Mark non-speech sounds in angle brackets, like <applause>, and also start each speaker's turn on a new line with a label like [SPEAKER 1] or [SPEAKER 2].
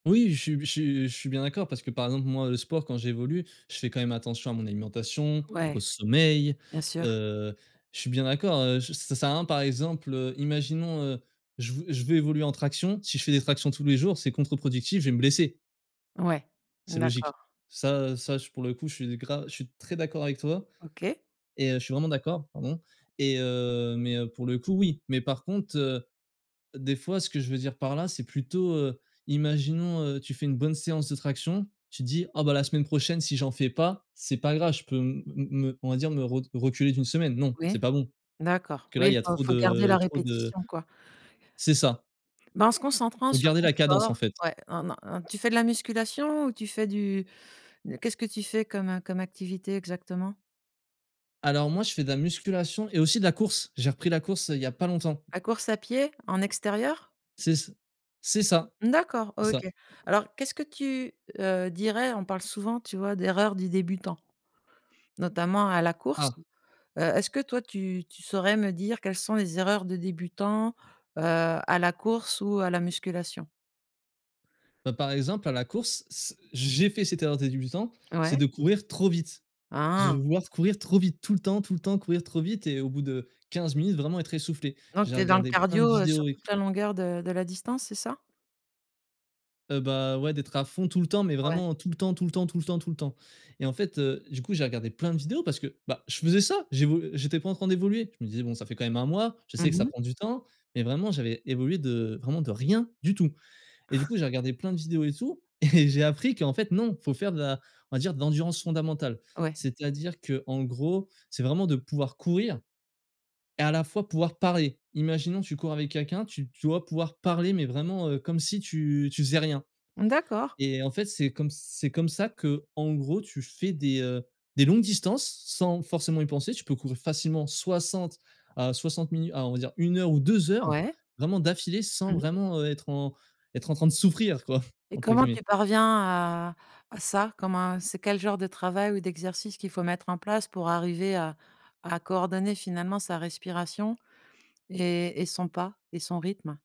[SPEAKER 1] Oui, je suis je suis je suis bien d'accord parce que, par exemple, moi, le sport quand j'évolue, je fais quand même attention à mon alimentation, au
[SPEAKER 2] Ouais,
[SPEAKER 1] sommeil,
[SPEAKER 2] bien sûr.
[SPEAKER 1] heu, je suis bien d'accord, heu, je ça sert à rien, par exemple, heu, imaginons, heu, je veux je veux évoluer en traction, si je fais des tractions tous les jours, c'est contre-productif, je vais me blesser.
[SPEAKER 2] Ouais.
[SPEAKER 1] C'est
[SPEAKER 2] Mmh,
[SPEAKER 1] logique.
[SPEAKER 2] d'accord.
[SPEAKER 1] Ça, heu, ça, je pour le coup, je suis gra je suis très d'accord avec toi
[SPEAKER 2] OK.
[SPEAKER 1] et heu, je suis vraiment d'accord, pardon et heu mais heu, pour le coup, oui. Mais par contre, heu, des fois, ce que je veux dire par là, c'est plutôt, heu, imaginons, heu, tu fais une bonne séance de traction. Tu te dis: «Ah, bah, la semaine prochaine, si j'en fais pas, c'est pas grave. Je peux me m me on va dire, me re reculer d'1 semaine», non, c'est
[SPEAKER 2] Oui.
[SPEAKER 1] pas bon parce
[SPEAKER 2] D'accord,
[SPEAKER 1] que, là,
[SPEAKER 2] oui,
[SPEAKER 1] il
[SPEAKER 2] il
[SPEAKER 1] y a
[SPEAKER 2] faut
[SPEAKER 1] trop
[SPEAKER 2] faut garder
[SPEAKER 1] de
[SPEAKER 2] la
[SPEAKER 1] trop de
[SPEAKER 2] répétition, quoi.
[SPEAKER 1] C'est ça.
[SPEAKER 2] Ben, en se concentrant
[SPEAKER 1] Il faut
[SPEAKER 2] sur
[SPEAKER 1] garder
[SPEAKER 2] ton
[SPEAKER 1] la cadence, en
[SPEAKER 2] sport.
[SPEAKER 1] fait.
[SPEAKER 2] Ouais, non, non, non. Tu fais de la musculation ou tu fais du qu'est-ce que tu fais comme, heu, comme activité exactement?
[SPEAKER 1] Alors, moi, je fais de la musculation et aussi de la course. J'ai repris la course, heu, il y a pas longtemps.
[SPEAKER 2] La course à pied? En extérieur?
[SPEAKER 1] C'est c c'est ça,
[SPEAKER 2] Mmh d'accord,
[SPEAKER 1] c'est ça.
[SPEAKER 2] OK. Alors qu'est-ce que tu, heu, dirais? On parle souvent, tu vois, d'erreurs du débutant. Notamment à la course,
[SPEAKER 1] Ah.
[SPEAKER 2] heu, est-ce que toi, tu tu saurais me dire quelles sont les erreurs de débutant, heu, à la course ou à la musculation?
[SPEAKER 1] Bah, par exemple, à la course, c j'ai fait cette erreur de débutant, c'est
[SPEAKER 2] Ouais.
[SPEAKER 1] de courir trop vite. Je vais
[SPEAKER 2] Ah.
[SPEAKER 1] vouloir courir trop vite, tout le temps, tout le temps, courir trop vite et au bout de 15 minutes, vraiment, être essoufflé.
[SPEAKER 2] Donc
[SPEAKER 1] J'ai
[SPEAKER 2] tu es dans le
[SPEAKER 1] regardé plein de
[SPEAKER 2] cardio, heu, sur
[SPEAKER 1] vidéos et
[SPEAKER 2] toute
[SPEAKER 1] tout.
[SPEAKER 2] la longueur de de la distance, c'est ça?
[SPEAKER 1] Heu, bah, ouais, d'être à fond, tout le temps, mais
[SPEAKER 2] Ouais.
[SPEAKER 1] vraiment, tout le temps, tout le temps, tout le temps, tout le temps et en fait, heu, du coup, j'ai regardé plein de vidéos parce que, bah, je faisais ça. J'évol j'étais pas en train d'évoluer. Je me disais: «Bon, ça fait quand même 1 mois». Je
[SPEAKER 2] Mmh
[SPEAKER 1] sais que ça
[SPEAKER 2] mh.
[SPEAKER 1] prend du temps, mais vraiment, j'avais évolué de vraiment de rien du tout et du
[SPEAKER 2] <chuckles>
[SPEAKER 1] coup, j'ai regardé plein de vidéos et tout et j'ai appris qu'en fait, non, faut faire de la on va dire, de l'endurance fondamentale.
[SPEAKER 2] Ouais.
[SPEAKER 1] C'est-à-dire qu'en gros, c'est vraiment de pouvoir courir et à la fois pouvoir parler. Imaginons, tu cours avec quelqu'un, tu tu dois pouvoir parler mais vraiment, heu, comme si tu tu faisais rien
[SPEAKER 2] Mmh d'accord.
[SPEAKER 1] et en fait, c'est comme ç c'est comme ça qu'en gros, tu fais des, heu, des longues distances sans forcément y penser. Tu peux courir facilement 60 à 60 minut à, on va dire 1 heure ou 2 heures
[SPEAKER 2] Ouais.
[SPEAKER 1] vraiment d'affilée, sans
[SPEAKER 2] Mmh mh.
[SPEAKER 1] vraiment, heu, être en être en train de «souffrir», quoi,
[SPEAKER 2] Et
[SPEAKER 1] entre
[SPEAKER 2] comment tu
[SPEAKER 1] guillemets.
[SPEAKER 2] parviens à à ça? Comme un c'est quel genre de travail ou d'exercice qu'il faut mettre en place pour arriver à à coordonner, finalement, sa respiration et et son pas et son rythme?